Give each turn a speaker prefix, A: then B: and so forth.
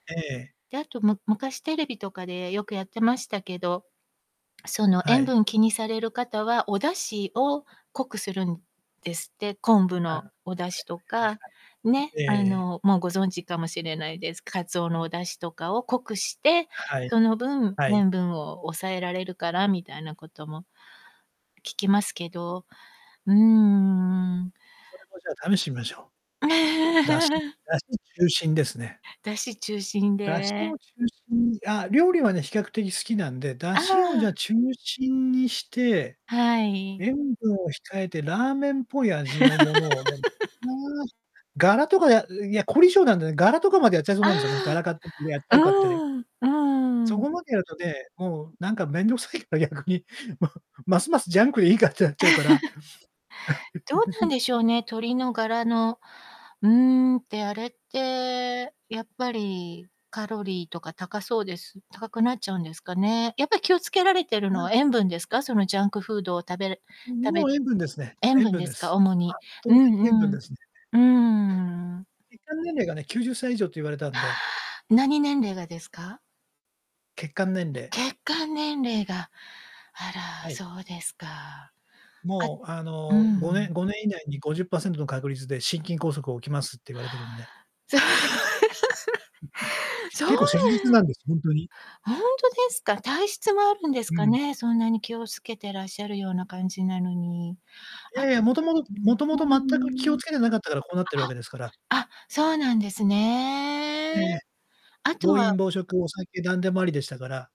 A: ええ。
B: で、あとむ昔テレビとかでよくやってましたけど、その
A: は
B: 塩
A: い。
B: 分気にされる方はお出汁を濃くするんですって。昆布
A: あ、はい
B: のお出汁と
A: はいはいは
B: か、ね、
A: い。え
B: あ
A: え。
B: のもうご存知かもしれないです。カツオのお出汁とかを濃くして、
A: は
B: そ
A: い。
B: の分
A: はい。
B: 塩分を抑えられるからみたいなことも聞きますけど、うーん。
A: それもじゃあ、試してみましょう。出汁 出汁中心ですね。
B: 出汁中心
A: 出汁
B: で
A: を中心に、あ、料理はね、比較的好きなんで、出
B: あ
A: 汁をじゃ
B: あ。
A: あ中心にして、
B: はい。
A: 塩分を控えてラーメンっぽい味のものをでも、ガラとかで、いや、凝り性なんでね、ガラとかまでやっちゃいそうなんですよね、ガ
B: あ
A: ラ買ってやっち
B: あ。
A: ゃうかって
B: うん。う
A: そ
B: ん。
A: こまでやるとね、もうなんかめんどくさいから逆に、もうますますジャンクでいいかってなっちゃうから。
B: どうなん でしょうね、鶏のガラの、うーん、ってあれってやっぱりカロリーとか高そうです。高くなっちゃうんですかね。やっぱり気をつけられてるの
A: ま
B: は
A: あ。
B: 塩分ですか？そのジャンクフードを食べ
A: ん、
B: 食べ
A: もう塩分ですね。
B: 塩
A: 塩
B: 分
A: 分
B: で
A: で
B: すか、
A: す。
B: 主に。
A: 圧
B: う
A: 倒的塩
B: ん
A: 分
B: うん。
A: ですね。
B: うーん。
A: 血管年齢がね、90歳以上と言われたんで。
B: 何年齢がですか？
A: 血管年齢。
B: 血管年齢が。あら、
A: はい。
B: そうですか。あ
A: もうあ
B: う
A: の5年-
B: ん。
A: 5年以内に50%の確率で心筋梗塞起きますって言われてるんで。
B: じゃ。そうな
A: 結構切実な
B: ん
A: んです、ほんとに。
B: ほんとですか？体質もあるんです
A: う
B: か
A: ん。
B: ね。そんなに気をつけてらっしゃるような感じなのに。
A: い
B: あ
A: やいや、元々
B: うん。う
A: 元々全く気
B: ー
A: を
B: ん。
A: つけてなかったからこうなってるわけですから。
B: あ、あ、そうなんですね。
A: ええ。
B: あと
A: 暴
B: は
A: 飲暴食、お酒なんでもありでしたから。